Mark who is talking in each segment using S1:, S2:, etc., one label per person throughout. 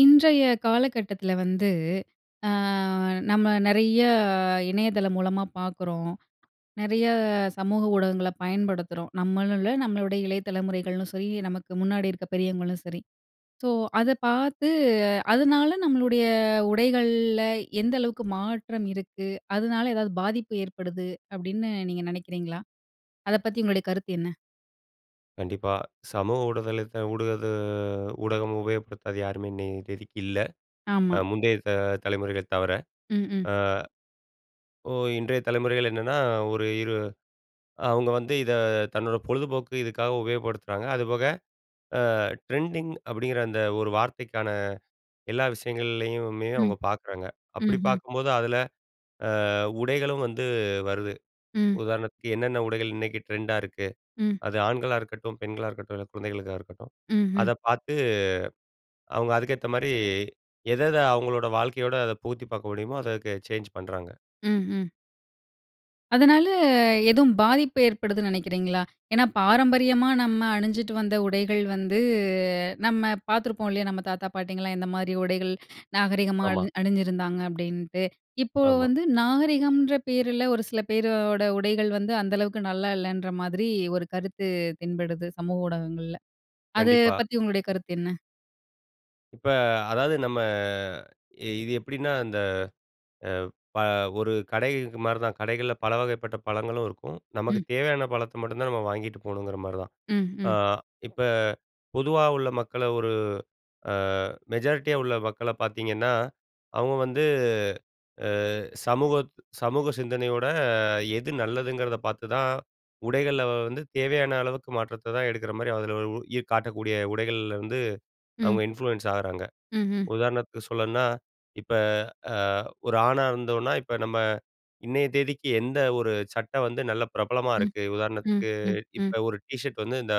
S1: இன்றைய காலகட்டத்துல வந்து அ நம்ம நிறைய இணையதளம் மூலமா பார்க்குறோம். நிறைய சமூக ஊடகங்கள பயன்படுத்துறோம். நம்மளும் இல்லை, நம்மளுடைய இளைய தலைமுறைகளும் சரி நமக்கு முன்னாடி இருக்கிற பெரியவங்களும் சரி. ஸோ, அதை பார்த்து அதனால நம்மளுடைய உடைகள்ல எந்த அளவுக்கு மாற்றம் இருக்கு? அதனால ஏதாவது பாதிப்பு ஏற்படுது அப்படின்னு நீங்க நினைக்கிறீங்களா? அதை பத்தி உங்களுடைய கருத்து என்ன?
S2: கண்டிப்பா. சமூக ஊடுதளத்தை ஊடக ஊடகம் உபயோகப்படுத்தாத யாருமே இன்னய தேதிக்கு இல்ல. அ
S1: ஆமா.
S2: முந்தைய த தலைமுறைகளை தவிர.
S1: ம், ம்.
S2: அ ஒ இன்றைய தலைமுறைகள் என்னன்னா, ஒரு இரு அவங்க வந்து இதை தன்னோட பொழுதுபோக்கு இதுக்காக உபயோகப்படுத்துறாங்க. அதுபோக அ ட்ரெண்டிங் அப்படிங்கிற அந்த ஒரு வார்த்தைக்கான எல்லா விஷயங்கள்லயுமே
S1: ம்,
S2: அவங்க பார்க்குறாங்க. அப்படி
S1: ம்ஹ்ம்.
S2: பார்க்கும்போது, அதுல அ உடைகளும் வந்து வருது.
S1: ம்.
S2: உதாரணத்துக்கு என்னென்ன உடைகள் இன்னைக்கு ட்ரெண்டா இருக்கு.
S1: ம்.
S2: அது ஆண்களா இருக்கட்டும், பெண்களா இருக்கட்டும், இல்லை குழந்தைகளுக்கா இருக்கட்டும்.
S1: ம்ஹ்ம்.
S2: அதை பார்த்து அவங்க அதுக்கேத்த மாரி எத எதை அவங்களோட வாழ்க்கையோடு அதை புகுத்தி பார்க்க முடியுமோ, அதுக்கு சேஞ்ச் பண்ணுறாங்க.
S1: ம், ம். அதனால எதுவும் பாதிப்பு ஏற்படுதுன்னு நினைக்கிறீங்களா? ஏன்னா பாரம்பரியமா நம்ம அணிஞ்சுட்டு வந்த உடைகள் வந்து, நம்ம பார்த்துருப்போம் இல்லையா. நம்ம தாத்தா, பாட்டிங்கலாம் எந்த மாதிரி உடைகள் நாகரிகமா
S2: ஆமா.
S1: அழி அணிஞ்சிருந்தாங்க அப்படின்ட்டு. இப்போ
S2: ஆமா.
S1: வந்து நாகரிகம்ன்ற பேரில ஒரு சில பேரோட உடைகள் வந்து, அந்த அளவுக்கு நல்லா இல்லைன்ற மாதிரி ஒரு கருத்து தென்படுது சமூக ஊடகங்கள்ல, அத
S2: கண்டிப்பா.
S1: பத்தி உங்களுடைய கருத்து என்ன?
S2: இப்ப அதாவது நம்ம இது எப்படின்னா, இந்த அ ப ஒரு கடை மாரி தான். கடைகள்ல பலவகைப்பட்ட பழங்களும் இருக்கும். நமக்கு
S1: ம்.
S2: தேவையான பழத்தை மட்டும் தான் நாம வாங்கிட்டு போகணுங்கிற மாரி தான்.
S1: ம்,
S2: அ
S1: ம்.
S2: இப்ப பொதுவா உள்ள மக்களை ஒரு அ மெஜாரிட்டியா உள்ள மக்கள பார்த்தீங்கன்னா, அவங்க வந்து அ சமூக சமூக சிந்தனையோட எது நல்லதுங்கிறத பார்த்துதான் உடைகள்ல வந்து தேவையான அளவுக்கு மாற்றத்த தான் எடுக்கிற மாதிரி, அதில இ காட்டக்கூடிய உடைகள்ல இருந்து அவங்க
S1: ம்.
S2: இன்ஃப்ளூயன்ஸ் ஆகுறாங்க.
S1: ம்ஹ்ம்.
S2: உதாரணத்துக்கு சொல்லணும்னா, இப்ப அ ஒரு ஆணா இருந்தோம்னா, இப்ப நம்ம இன்னைய தேதிக்கு எந்த ஒரு சட்டை வந்து நல்ல பிரபலமா
S1: ம்,
S2: இருக்கு,
S1: ம்,
S2: உதாரணத்துக்கு
S1: ம், ம்.
S2: இப்ப ஒரு டீஷர்ட் வந்து இந்த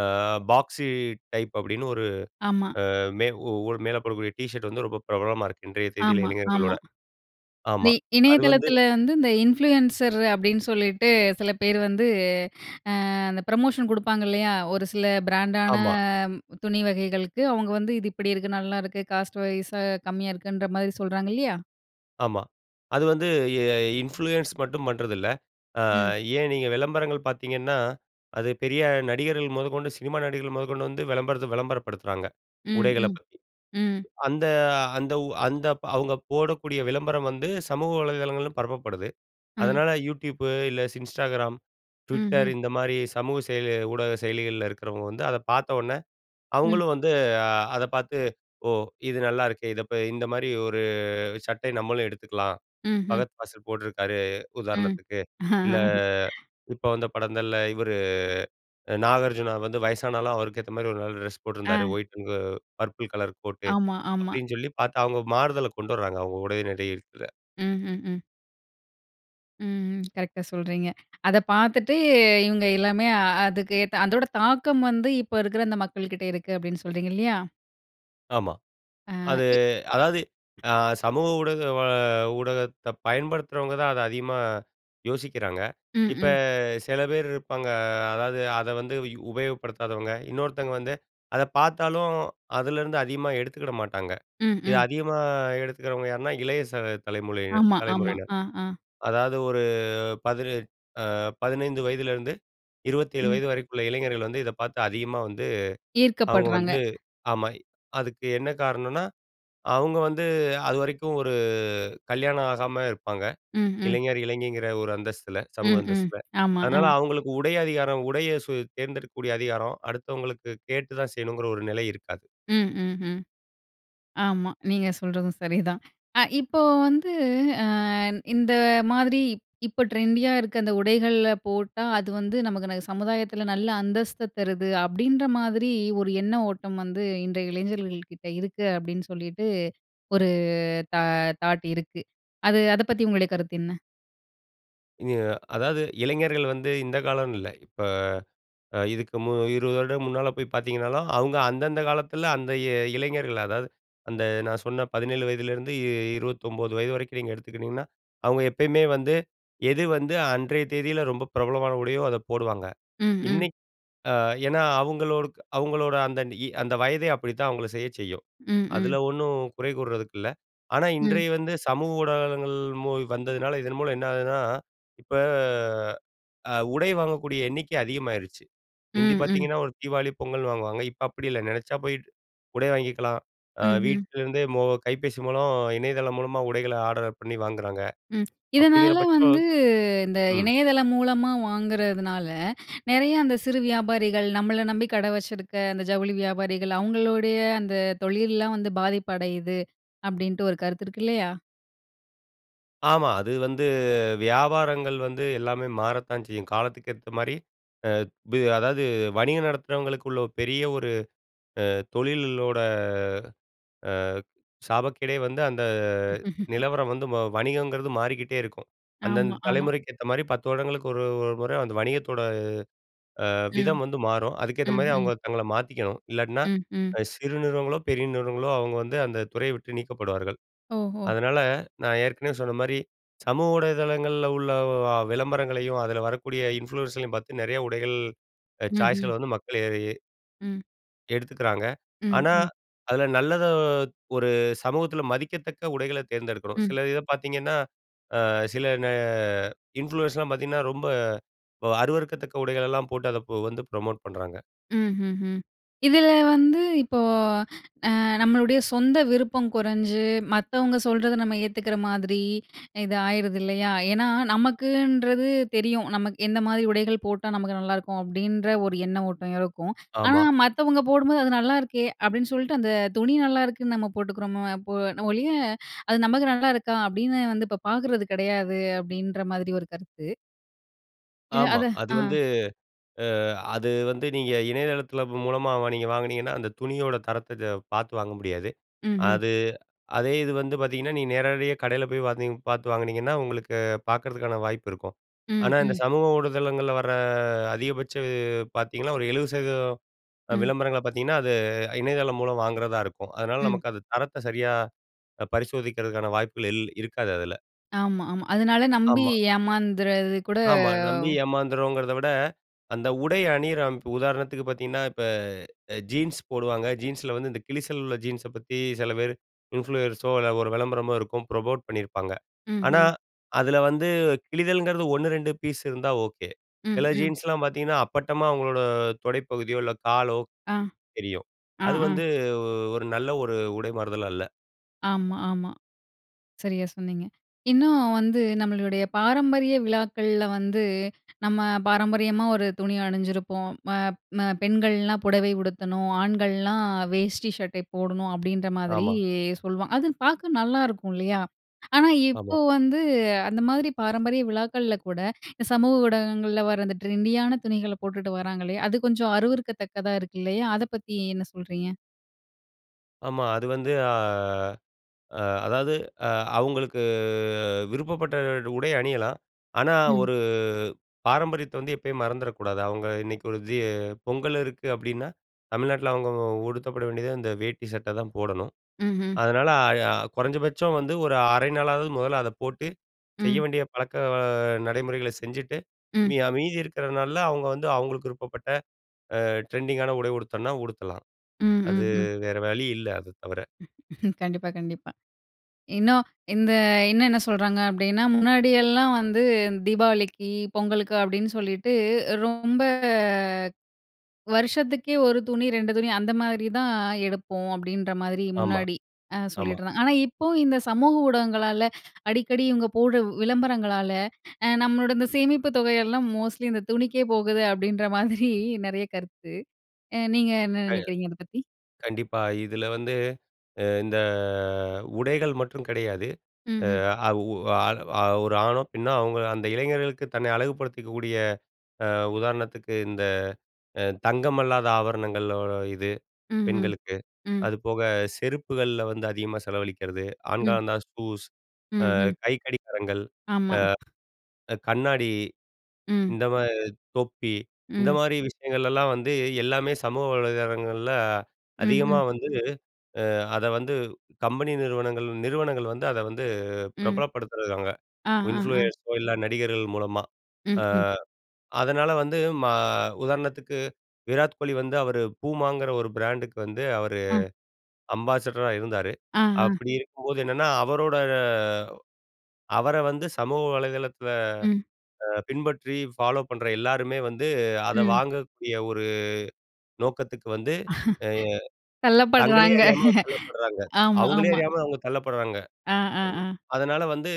S2: அ பாக்ஸி டைப் அப்படின்னு ஒரு
S1: ஆமா.
S2: அ மே உ ஒரு மேல போடக்கூடிய டீ ஷர்ட் வந்து ரொம்ப பிரபலமா இருக்கு, இன்றைய தேதியில
S1: ஆமா, ஆமா.
S2: இளைஞர்களோட.
S1: வி
S2: ஆமா அது வந்து
S1: இணையதளத்தில வந்து இந்த இன்ஃப்ளூயன்சர் அப்படின்னு சொல்லிட்டு சில பேர் வந்து, அ அந்த புரமோஷன் குடுப்பாங்க இல்லையா? ஒரு சில பிராண்ட் ஆன
S2: ஆமா.
S1: துணி வகைகளுக்கு அவங்க வந்து இது இப்படி இருக்கு, நல்லா இருக்கு. காஸ்ட் வைஸ்ஸா கம்மியா இருக்குன்ற மாரி சொல்றாங்க இல்லையா?
S2: ஆமா. அது வந்து எ இன்ஃப்ளூயன்ஸ் மட்டும் பண்றதில்ல. அ
S1: ம்.
S2: ஏன் நீங்க விளம்பரங்கள் பார்த்தீங்கன்னா, அது பெரிய நடிகர்கள் மொதக்கொண்டு சினிமா நடிகர்கள் மொதக்கொண்டு வந்து, விளம்பரத்த விளம்பரப்படுத்துறாங்க.
S1: ம்,
S2: உடைகளப்
S1: ம்,
S2: பத்தி.
S1: ம்.
S2: அந்த அந்த உ அந்த, அவுங்க போடக்கூடிய விளம்பரம் வந்து சமூக வலைதளங்களிலும் பரப்பப்படுது.
S1: ம்.
S2: அதனால, Youtube, இல்ல ஸ் Instagram, Twitter
S1: ம்ஹ்ம்.
S2: இந்தமாரி சமூக செயலி ஊடக செயலிகள்ல இருக்கிறவங்க வந்து, அத பார்த்தவுனே
S1: ம்.
S2: அவுங்களும் வந்து அத பார்த்து ஓ! இது நல்லாயிருக்கே! இத போய் இந்தமாரி ஒரு சட்டை நம்மளும் எடுத்துக்கலாம்.
S1: ம்ஹ்ம்.
S2: பகத் பாசில் போட்ருக்காரு.
S1: ம்.
S2: உதாரணத்துக்கு. இல்ல இப்ப வந்த படங்கள்ல இவரு, அ நாகார்ஜுனா வந்து வயசானாலும் அவருக்கேத்தமாரி ஒரு நல்ல டிரெஸ் போட்டிருந்தாரு.
S1: ஆ,
S2: ஒயிட்டுங்க பர்ப்புள் கலர் கோட்டு,
S1: ஆமா, ஆமா.
S2: அப்பிடின் சொல்லி பார்த்தா, அவுங்க மாறுதல கொண்டு வராங்க. அவுங்க உடை, நடை இருக்குல.
S1: ம்ஹ்ம், ம். ம், ம். கரெக்ட்டா சொல்றீங்க. அத பார்த்துட்டு இவுங்க எல்லாமே அதுக்கு ஏத்த அதோட தாக்கம் வந்து இப்ப இருக்கிற அந்த மக்கள்கிட்டே இருக்கு. அப்பிடின்னு சொல்றீங்க. இல்லயா?
S2: ஆமா.
S1: அ.
S2: அது
S1: இ
S2: அதாவது அ சமூக ஊடக ஊடகத்த பயன்படுத்துறவங்கதான் அத அதிகமா யோசிக்கிறாங்க.
S1: ம்,
S2: இப்ப
S1: ம்.
S2: சில பேரு இருப்பாங்க, அதாவது, அத வந்து உபயோகப்படுத்தாதவங்க. இன்னொருத்தங்க வந்து அத பார்த்தாலும், அதிலருந்து அதிகமா எடுத்துக்கிட மாட்டாங்க.
S1: ம்,
S2: இத
S1: ம்.
S2: அதிகமா எடுத்துக்கிறவங்க யாருன்னா, இளைய ச தலைமுலையினர்
S1: ஆமா, ஆமா,
S2: தலைமுறையினர்.
S1: ஆ, ஆ.
S2: அதாவது, ஒரு 18 அ 15 வயதிலேருந்து, 27
S1: ம்.
S2: வயது வரைக்குள்ள இளைஞர்கள் வந்து இத பாத்து அதிகமா வந்து, அவுங்க
S1: ஈர்க்கப்படுறாங்க.
S2: வந்து ஆமா. அதுக்கு என்ன காரணனா, அவுங்க வந்து அதுவரைக்கும் ஒரு கல்யாணம் ஆகாம இருப்பாங்க.
S1: ம், ம்.
S2: இளைஞர், இளைஞிங்கிற ஒரு அந்தஸ்தில சமூக
S1: ம், ம்,
S2: அந்தஸ்தில.
S1: ஆமா,
S2: அதனால
S1: ஆ.
S2: அவுங்களுக்கு உடை அதிகாரம், உடைய சு தேர்ந்தெடுக்கக்கூடிய அதிகாரம் அடுத்தவங்களுக்கு கேட்டுதான் செய்யணுங்கிற ஒரு நிலை இருக்காது.
S1: ம், ம், ம். ஆமா. நீங்க சொல்றதும் சரிதான். அ இப்போ வந்து அ இந்த மாதிரி இப்போ ட்ரெண்டியா இருக்க அந்த உடைகள்ல போட்டா, அது வந்து நமக்கு ந சமுதாயத்தில நல்ல அந்தஸ்த தருது அப்பிடின்ற மாதிரி ஒரு எண்ண ஓட்டம் வந்து இன்றைய இளைஞர்கள்கிட்ட இருக்கு, அப்பிடின்னு சொல்லிட்டு ஒரு தா தாட் இருக்கு. அது அத பத்தி உங்களுடைய கருத்து என்ன?
S2: அ அதாவது இளைஞர்கள் வந்து, இந்த காலம்னு இல்ல, இப்ப அ இதுக்கு மு 20 வருட முன்னால போய் பாத்தீங்கனாலும், அவுங்க அந்தந்த காலத்தில, அந்த இ இளைஞர்கள். அதாவது அந்த நான் சொன்ன 17 வயதிலேருந்து 29 வயது வரைக்கும் நீங்க எடுத்துக்கிட்டீங்கன்னா, அவுங்க எப்பயுமே வந்து, எது வந்து அன்றைய தேதியில ரொம்ப பிரபலமான உடையோ, அதை போடுவாங்க.
S1: ம், ம்.
S2: இன்னைக் அ ஏன்னா அவுங்களோடுக் அவுங்களோட அந்த அந்த வயதே அப்படித்தான் அவங்கள செய்யச் செய்யும்.
S1: ம்,
S2: அதில
S1: ம்.
S2: ஒண்ணும் குறை கூறுறதுக்கு இல்ல. ஆனா
S1: ம்.
S2: இன்றைய வந்து சமூக ஊடகங்கள் மு வந்ததுனால இதன் மூலம் என்ன ஆகுதுன்னா, இப்ப அ உடை வாங்கக்கூடிய எண்ணிக்கை அதிகமாயிருச்சு. முந்தி
S1: ம், ம்.
S2: பாத்தீங்கன்னா, ஒரு தீபாவளி, பொங்கல்னு வாங்குவாங்க. இப்ப அப்படி இல்ல. நினச்சா போய்ட்டு உடை வாங்கிக்கலாம். அ
S1: ம், ம்.
S2: வீட்டிலருந்தே மோ கைபேசி மூலம், இணையதளம் மூலமா உடைகளை ஆடர பண்ணி வாங்குறாங்க.
S1: ம்.
S2: அப்படிங்கிற
S1: இதனால
S2: பட்சம்
S1: வந்து இந்த
S2: ம்.
S1: இணையதளம் மூலமா வாங்குறதுனால, நெறைய அந்த சிறு வியாபாரிகள், நம்மள நம்பி கடை வச்சிருக்க அந்த ஜவுளி வியாபாரிகள், அவங்களுடைய அந்த தொழில்லாம் வந்து பாதிப்பு அடையுது. அப்படின்டு ஒரு கருத்து இருக்கு இல்லையா?
S2: ஆமா, அது வந்து, வியாபாரங்கள் வந்து எல்லாமே மாறத்தான் செய்யும். காலத்துக்கு ஏத்த மாரி. அ வி அதாவது வணிகம் நடத்துறவங்களுக்குள்ள பெரிய ஒரு அ தொழிலோட அ சாபக்கேடே வந்து, அந்த நிலவரம் வந்து வ வணிகங்கிறது மாறிக்கிட்டே இருக்கும். அந்தந்த
S1: ஆமா, ஆமா.
S2: தலைமுறைக்கு ஏத்த மாரி 10 வருடங்களுக்கு ஒரு ஒரு முறை அந்த வணிகத்தோட அ
S1: ம்,
S2: விதம் வந்து மாறும். அதுக்கேத்த
S1: ம்,
S2: மாதிரி
S1: ம்.
S2: அவுங்க தங்களை மாத்திக்கணும். இல்லாட்டினா,
S1: ம், ம்.
S2: அ சிறு நிறுவனங்களோ, பெரிய நிறுவனங்களோ, அவுங்க வந்து அந்த துறையை விட்டு நீக்கப்படுவார்கள்.
S1: ஓஹோ!
S2: அதனால நான் ஏற்கனவே சொன்ன மாரி, சமூக ஊடகதளங்கள்ல உள்ள வ விளம்பரங்களையும் அதில வரக்கூடிய இன்ஃப்ளூயன்ஸ்ர்களையும் பாத்து நெறைய உடைகள், அ
S1: ம்ஹ்ம்.
S2: சாய்ஸ்கள் வந்து மக்கள் [unintelligible]
S1: ம்.
S2: எடுத்துக்குறாங்க.
S1: ம்
S2: ஆனா
S1: ம்.
S2: அதில நல்லத, ஒரு சமூகத்தில மதிக்கத்தக்க உடைகள தேர்ந்தெடுக்கணும்.
S1: ம்.
S2: சில இதை பாத்தீங்கன்னா ஆ சில ந இன்ஃபுலுயன்ஸ்லாம் பார்த்தீங்கன்னா, ரொம்ப வ அருவருக்கத்தக்க உடைகள எல்லாம் போட்டு அதை பொ வந்து புரமோட் பன்றாங்க.
S1: ம்ஹ்ஹும். இதில வந்து இப்போ, அ நம்மளுடைய சொந்த விருப்பம் குறைஞ்சு, மத்தவங்க சொல்றத நம்ம ஏத்துக்கிற மாதிரி, இது ஆயிருது இல்லையா? ஏன்னா நமக்குன்றது தெரியும். நமக்கு "என்ன மாதிரி உடைகள் போட்டா நமக்கு நல்லாருக்கும்!" அப்டின்ற ஒரு எண்ண ஓட்டம் இருக்கும். ஆனா,
S2: ஆமா.
S1: மத்தவங்க போடும்போது அது "நல்லாயிருக்கே" அப்டின்னு சொல்ட்டு, அந்த துணி நல்லாருக்குன்னு நம்ம போட்டுக்கிறோமோ போ ந ஒழிய, "அது நமக்கு நல்லாயிருக்கா" அப்படின்னு வந்து இப்போ பாக்குறது கிடையாது, அப்படின்ற மாதிரி ஒரு கருத்து. இல்ல,
S2: ஆமா.
S1: அது
S2: அது
S1: ஆ.
S2: வந்து அ அது வந்து நீங்க இணையதளத்தில ப்ப மூலமா வா நீங்க வாங்குனீங்கன்னா, அந்த துணியோட தரத்தை த பார்த்து வாங்க முடியாது.
S1: ம்ஹ்ம்.
S2: அது அதே இது வந்து பார்த்தீங்கன்னா, நீங்க நேரடியா கடையில போய் பாத்திங் பாத்து வாங்கினீங்கன்னா, உங்களுக்கு பாக்குறதுக்கான வாய்ப்பு இருக்கும்.
S1: ம்,
S2: ஆனா இந்த
S1: ம்.
S2: சமூக ஊடுதளங்கள்ள வர அ அதிகபட்ச பாத்தீங்கன்னா, ஒரு 70% அ
S1: ம்.
S2: விளம்பரங்கள பாத்தீங்கன்னா, அது இணையதளம் மூலம் வாங்குறதா இருக்கும். அதனால
S1: ம்.
S2: நமக்கு அது தரத்தை சரியா அ பரிசோதிக்கிறதுக்கான வாய்ப்புகள் இல் இருக்காது அதுல.
S1: ஆமா, ஆமா. அதனால நம்பி
S2: ஆமா.
S1: ஏமாந்தறது கூட.
S2: ஆமா. நம்பி ஏமாந்துறோங்கிறத விட, அந்த உடை அணியிற அமை உதாரணத்துக்கு பாத்தீங்கன்னா, இப்ப அ ஜீன்ஸ் போடுவாங்க. ஜீன்ஸ்ல வந்து இந்த கிழிசல் உள்ள ஜீன்ஸ பத்தி சில பேரு இன்ஃப்ளூயர்ஸோ இல்ல ஒரு வெளம்பரமோ இருக்கும், ப்ரமோட் பண்ணீருப்பாங்க. ஆனா
S1: ம்ஹ்ம்.
S2: அதுல வந்து கிழிதல்ங்குறது 1, 2 பீஸ் இருந்தா ஓகே. சில
S1: ம், ம்.
S2: ஜீன்ஸ்லாம் பாத்தீங்கன்னா அப்பட்டமா அவங்களோட தொடைப்பகுதியோ, இல்ல காலோ
S1: ஆ,
S2: தெரியும்.
S1: ஆ,
S2: அது
S1: ஆ.
S2: வந்து ஒ ஒரு நல்ல ஒரு உடை மாறுதல் அல்ல.
S1: ஆமா, ஆமா. சரியா சொன்னீங்க. இன்னும் வந்து நம்மளுடைய பாரம்பரிய விழாக்கள்ல வந்து, நம்ம பாரம்பரியமா ஒரு துணிய அணிஞ்சிருப்போம். ம ம பெண்கள்லாம் புடவை உடுத்தணும், ஆண்கள்லாம் வேஷ்டி சட்டை போடணும் அப்டின்ற மாதிரி
S2: ஆமா.
S1: சொல்லுவாங் அது பாக்க நல்லாருக்கும் இல்லையா? ஆனா
S2: ஆமா.
S1: இப்போ வந்து அந்த மாதிரி பாரம்பரிய விழாக்கள்ல கூட சமூக ஊடகங்கள்ல வர அந்த ட்ரெண்டியான துணிகள போட்டுட்டு வராங்கல்லையா? அது கொஞ்சம் அருவருக்கத்தக்கதா இருக்கு இல்லையா? அத பத்தி என்ன சொல்றீங்க?
S2: ஆமா. அது வந்து அ அ அதாது, அ அவுங்களுக்கு விருப்பப்பட்ட டு உடை அணியலாம். ஆனா,
S1: ம்.
S2: ஒரு பாரம்பரியத்த வந்து எப்பயும் மறந்துற கூடாது. அவங்க இன்னைக்கு ஒரு ஜீ பொங்கல் இருக்கு அப்டீன்னா, தமிழ்நாட்டுல அவங்க உ உடுத்தப்பட வேண்டியது அந்த வேட்டி சட்ட தான் போடணும்.
S1: ம்ஹ்ம்.
S2: அதனால அ கொறஞ்சபட்சம் வந்து ஒரு 1/2 நாளாது முதல்ல அத போட்டு செய்ய
S1: ம்.
S2: வேண்டிய பழக்க வ நடைமுறைகளை செஞ்சுட்டு,
S1: ம்.
S2: மீ மீதி இருக்கிற நாள்ல அவங்க வந்து அவங்களுக்கு விருப்பப்பட்ட அ ட்ரெண்டிங்கான உடை உடுத்தனுன்னா உடுத்தலாம்.
S1: ம்ஹ்ம்,
S2: அது
S1: ம்.
S2: வேற வழி இல்ல, அத தவர.
S1: கண்டிப்பா கண்டிப்பா. இன்னும் இந்த இன்னும் என்ன சொல்றாங்க, அப்படின்னா முன்னாடியெல்லாம் வந்து தீபாவளிக்கு, பொங்கலுக்கு, அப்படின்னு சொல்லிவிட்டு ரொம்ப வருஷத்துக்கே ஒரு துணி, 2 துணி, அந்த மாதிரி தான் எடுப்போம். அப்படின்ற மாதிரி
S2: ஆமா,
S1: முன்னாடி அ
S2: ஆமா.
S1: சொல்லிட்ற ஆனா இப்போ இந்த சமூக ஊடகங்களால அடிக்கடி இவங்க போடு உ விளம்பரங்களால அ நம்மளோட இந்த சேமிப்புத் தொகையெல்லாம் மோஸ்ட்லி இந்த துணிக்கே போகுது அப்படின்ற மாதிரி நெறைய கருத்து. அ நீங்க என்ன
S2: ஆ.
S1: நினைக்கிறீங்க அதை பத்தி?
S2: கண்டிப்பா. இதுல வந்து இ இந்த உடைகள் மட்டும் கெடையாது.
S1: ம்ஹ்ம்.
S2: அ உ அ ஒரு ஆணோ, பெண்ணோ, அவுங்க அந்த இளைஞர்களுக்கு தன்னை அழகுபடுத்திக்கக்கூடிய அ உதாரணத்துக்கு இந்த அ தங்கமல்லாத ஆபரணங்கள் ஓ இது
S1: ம்ஹ்ம்,
S2: பெண்களுக்கு.
S1: ம்.
S2: அதுபோக செருப்புகள்ல வந்து அதிகமா செலவழிக்கிறது.
S1: ம்.
S2: ஆண்களானா ஷூஸ், அ
S1: ம்ஹ்ம்.
S2: கைக்கடிகாரங்கள்,
S1: ஆமா.
S2: அ கண்ணாடி
S1: ம்.
S2: இந்த மாதி தொப்பி, இந்த
S1: ம்.
S2: மாதிரி விஷயங்கள்ளலாம் வந்து எல்லாமே சமூக வலைதளங்கள்ல அதிகமா
S1: ம்ஹ்ம்.
S2: வந்து அ அத வந்து கம்பெனி நிறுவனங்கள் நிறுவனங்கள் வந்து அத வந்து
S1: ம்.
S2: பிரபலப்படுத்துறாங்க.
S1: ஆ, ஆ, ஆ.
S2: இன்ஃப்ளூயன்ஸோ இல்ல நடிகர்கள் மூலமா.
S1: ம்,
S2: அ
S1: ம்.
S2: அதனால வந்து ம உதாரணத்துக்கு விராத் கோலி வந்து அவரு poomaங்கிற ஒரு பிராண்டுக்கு வந்து அவரு
S1: ஆ.
S2: அம்பாசிடரா இருந்தாரு.
S1: ஆ, ஆ.
S2: அப்டி இருக்கும்போது என்னன்னா அவரோட அவர வந்து சமூக வலைதளத்தில
S1: ம்.
S2: அ பின்பற்றி ஃபாலோ பண்ற எல்லாருமே வந்து அத
S1: ம்.
S2: வாங்கக்கூடிய ஒரு நோக்கத்துக்கு வந்து எ தங்களயே
S1: தள்ளப்படுறாங்க.
S2: அறியாம தள்ளப்பட்றாங்க.
S1: ஆமா
S2: அவங்களே
S1: ஆமா.
S2: அறியாம அவங்க தள்ளப்பட்றாங்க.
S1: ஆ, ஆ,
S2: அ
S1: ஆ.
S2: அதனால வந்து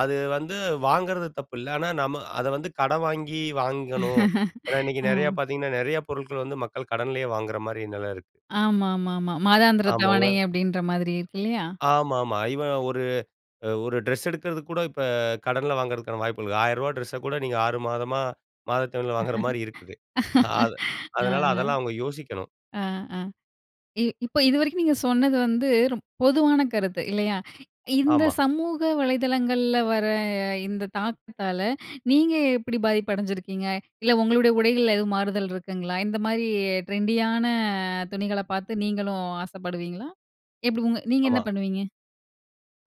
S2: அது வந்து வாங்குறது தப்பு இல்ல, ஆனா நம்ம அத வந்து கடன் வாங்கி வாங்கணும். ஏன்னா, இன்னைக்கு
S1: ஆ.
S2: நெறைய பாத்தீங்கன்னா நெறைய பொருட்கள் வந்து மக்கள் கடன்லேயே வாங்குற மாரி நில இருக்கு.
S1: ஆமா, ஆமா, ஆமா. மாதாந்திர
S2: ஆமா. உதா
S1: தவணை அப்படின்ற மாதிரி இருக்கு இல்லையா?
S2: ஆமா, ஆமா. ஈவன் ஒரு அ ஒரு ட்ரெஸ் எடுக்குறதுக்கு கூட இப்ப கடன்ல வாங்குறதுக்கான வாய்ப்புள்ளது. ஆயிரவா ட்ரெஸ்ஸ கூட நீங்க 6 மாதமா மாதத்தவணைல வாங்குற மாதிரி இருக்கு. அத்
S1: ம். ஆ,
S2: அதனால அதெல்லாம் அவங்க யோசிக்கணும்.
S1: ஆ, ஆ, ஆ. இ இப்ப இதுவரைக்கும் நீங்க சொன்னது வந்து ரொ பொதுவான கருத்து இல்லையா? இந்த
S2: ஆமா.
S1: சமூக வலைதளங்கள்ல வர இந்த தாக்கத்தால நீங்க எப்டி பாதிப்பு அடஞ்சிருக்கீங்க? இல்ல உங்களுடைய உடைகள்ல எதுவும் மாறுதல் இருக்குங்களா? இந்த மாதிரி ட்ரெண்டியான துணிகள பாத்து நீங்களும் ஆசப்படுவீங்களா? எப்டி உங்க நீங்க என்ன
S2: ஆமா.
S1: பண்ணுவீங்க?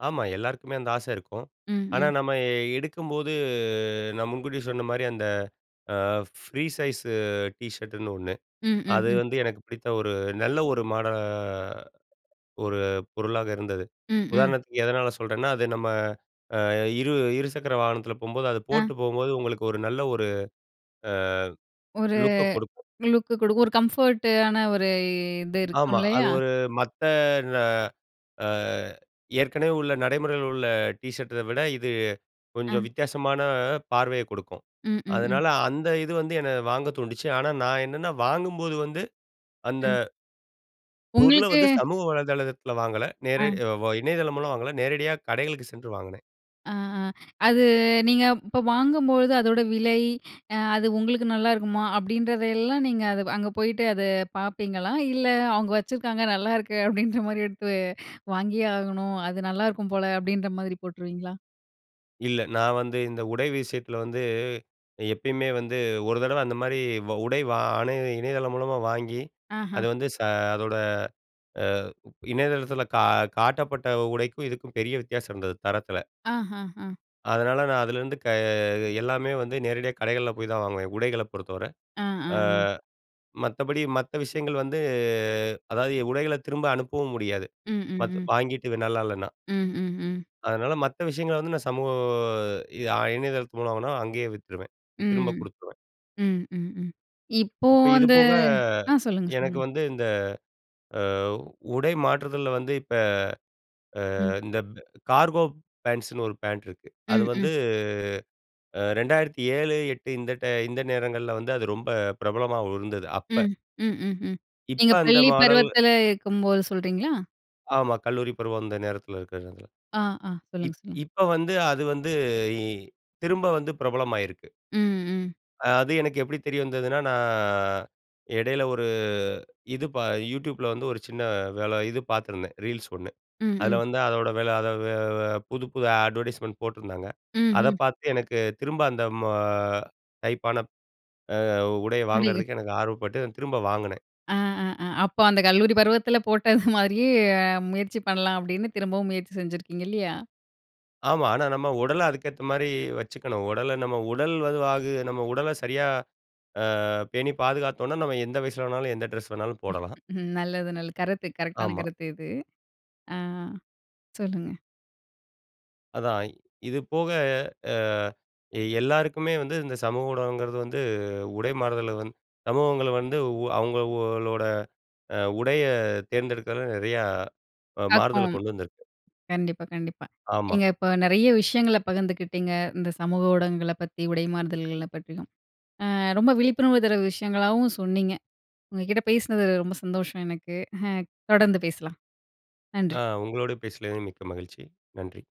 S2: ஆமா. எல்லாருக்குமே அந்த ஆசை இருக்கும்.
S1: ம்,
S2: ஆனா,
S1: ம்.
S2: நம்ம எ எடுக்கும்போது நான் முன்கூட்டியே சொன்னமாரி அந்த அ ஃப்ரீ சைஸ் டீ ஷர்டுன்னு 1
S1: ம், ம்,
S2: அது
S1: ம்.
S2: வந்து எனக்கு பிடித்த ஒரு நல்ல ஒரு மாட ஒரு பொருளாக இருந்தது.
S1: ம், ம்.
S2: உதாரணத்துக்கு எதனால சொல்றேன்னா, அது நம்ம அ இரு இருசக்கர வாகனத்துல போம்போது அது போட்டு
S1: அ.
S2: போம்போது உங்களுக்கு ஒரு நல்ல ஒரு அ
S1: ஒரு
S2: லுக்க குடுக்கும்.
S1: லுக் குடுக்கும், ஒரு கம்ஃபர்ட் ஆன ஒரு இது இருக்கும்
S2: ஆமா. அது
S1: இல்லயா?
S2: ஒரு மத்த ன அ ஏற்கனவே உள்ள நடைமுறையில உள்ள டீ ஷர்ட்‌ட விட இது கொஞ்சம்
S1: அ.
S2: வித்தியாசமான பார்வைய குடுக்கும்.
S1: ம், ம், ம்.
S2: அதனால அந்த இது வந்து என்ன வாங்க தூண்டுச்சு. ஆனா நான் என்னன்னா வாங்கும்போது வந்து அந்த
S1: ம்.
S2: பொருள
S1: உங்களுக்கு
S2: வந்து சமூக வலைதளத்துல வாங்கல. நேரே
S1: அ.
S2: அ வ இணையதளம் மூலம் வாங்கல. நேரடியா கடைகளுக்கு சென்று வாங்குனேன்.
S1: அ, அ. அது நீங்க இப்ப வாங்கும்போது அதோட விலை, அ அது உங்களுக்கு நல்லாயிருக்குமா! அப்பிடின்றதெல்லாம் நீங்க அத அங்க போயிட்டு அத பார்ப்பீங்களா? இல்ல அவுங்க வச்சுருக்காங்க, நல்லாயிருக்கு அப்பிடின்ற மாரி எடுத்து வாங்கியே ஆகணும், அது நல்லாயிருக்கும் போல அப்பிடின்ற மாதிரி போட்டுருவீங்களா?
S2: இல்ல, நான் வந்து இந்த உடை விஷயத்துல வந்து, எப்பயுமே வந்து ஒரு தடவ அந்த மாதிரி வா உடை வா ஆண இணையதளம் மூலமா வாங்கி,
S1: ஆஹ.
S2: அது வந்து ச அதோட அ இணையதளத்துல கா காட்டப்பட்ட உடைக்கும், இதுக்கும் பெரிய வித்தியாசம் இருந்தது. தரத்துல.
S1: ஆஹஹ!
S2: அதனால, நான் அதுலருந்து க எல்லாமே வந்து, நேரடியா கடைகள்ல போய் தான் வாங்குவேன். உடைகள பொறுத்தவரை,
S1: ஆ, அ,
S2: அ
S1: அ.
S2: மத்தபடி மத்த விஷயங்கள் வந்து, அதாவது எ உடைகள்ல திரும்ப அனுப்பவும் முடியாது,
S1: ம், ம்,
S2: பத்
S1: ம்.
S2: வாங்கிட்டு இது நல்லா இல்லன்னா.
S1: ம், ம், ம்.
S2: அதுனால, மத்த விஷயங்கள வந்து, நான் சமூக அ இணையதளத்து மூலம்னா அங்கயே வித்துருவேன்,
S1: ம்.
S2: திரும்ப குடுத்துருவேன்.
S1: ம், ம், ம். இப்போ
S2: இப்ப, இது
S1: வந்து
S2: போக
S1: ஆ சொல்லுங்க,
S2: எனக்கு
S1: சொல்லுங்க.
S2: வந்து இந்த அ உடை மாற்றுதல்ல வந்து, இப்ப
S1: ம்.
S2: அ இந்த அ இந்த கார்கோ பேண்ட்ஸ்ன்னு ஒரு பேண்ட் இருக்கு. அது
S1: ம்,
S2: வந்து
S1: ம்.
S2: அ 2007, 8 இந்த டை இந்த நேரங்கள்ல வந்து, அது ரொம்ப பிரபலமா உ இருந்தது அப்ப.
S1: ம். ம், ம், ம்.
S2: இப்ப
S1: நீங்க
S2: அந்த
S1: பள்ளி
S2: மாடல்.
S1: பருவத்துல இருக்கும்போது சொல்கிறீங்களா?
S2: ஆமா, கல்லூரி பருவம் அந்த நேரத்துல இருக்க இதுல.
S1: ஆ, ஆ சொல்லுங்க,
S2: இப்
S1: சொல்லுங்க.
S2: இப்போ வந்து அது வந்து இ திரும்ப வந்து பிரபலமாயிருக்கு.
S1: ம், ம்.
S2: அது எனக்கு எப்படி தெரிய வந்ததுன்னா நான் இடையில ஒரு, இது பா YouTubeல வந்து ஒரு சின்ன வேல இது பாத்துருந்தேன். ரீல்ஸ் ஒண்ணு,
S1: ம்,
S2: அதுல
S1: ம்.
S2: வந்து அதோட வெல அத வு அத வு புது, புது அட்வர்டைஸ்மென்ட் போட்டுருந்தாங்க .அத
S1: ம்ஹ்ம்.
S2: பாத்து எனக்கு திரும்ப அந்த மொ டைப்பான அ உடைய
S1: [unintelligible]
S2: வாங்குறதுக்கு எனக்கு ஆர்வப்பட்டு திரும்ப வாங்குனேன்.
S1: ஆ, அ, அ! அப்போ, அந்த கல்லூரி பருவத்துல போட்ட மாரியே, முயற்சி பண்ணலாம். அப்படின்னு, திரும்பவும் முயற்சி செஞ்சிருக்கீங்க இல்லியா?
S2: ஆமா. ஆனா நம்ம உடல அதுக்கேத்த மாரி வச்சிக்கணும். உடல நம் உடல் வது வாகு நம்ம உடல சரியா அ பேணி பாதுகாத்தோனா, நம்ம எந்த வயசுல வேணாலும், எந்த டிரெஸ் வேணாலும் போடலாம்.
S1: நல்லது, நல்லது கருத்து, கரெக்டான
S2: ஆமா.
S1: கருத்து இது. ஆ, அ சொல்லுங்க.
S2: அதான், இது போக அ எல்லாருக்குமே வந்து இந்த சமூக ஊடகங்கிறது வந்து, உடை மாறுதல வந்து சமூகங்களை வந்து உ அவங்களோட அ உடைய தேர்ந்தெடுக்கறதுல நெறைய அ மாறுதல
S1: [unintelligible]
S2: கொண்டு வந்திருக்கு.
S1: கண்டிப்பா, கண்டிப்பா.
S2: ஆமா.
S1: நீங்க இப்ப நெறைய விஷயங்களை பகிர்ந்துகிட்டிங்க. இந்த சமூக ஊடகங்களை பத்தி, உடை மாறுதல்களை பத்தியும். அ ரொம்ப விழிப்புணர்வு தர விஷயங்களாவும் சொன்னீங்க. உங்க கிட்ட பேசினது ரொம்ப சந்தோஷம் எனக்கு. தொடர்ந்து பேசலாம்,
S2: அ
S1: நன்றி.
S2: உங்களோடு பேசினது மிக்க மகிழ்ச்சி, நன்றி.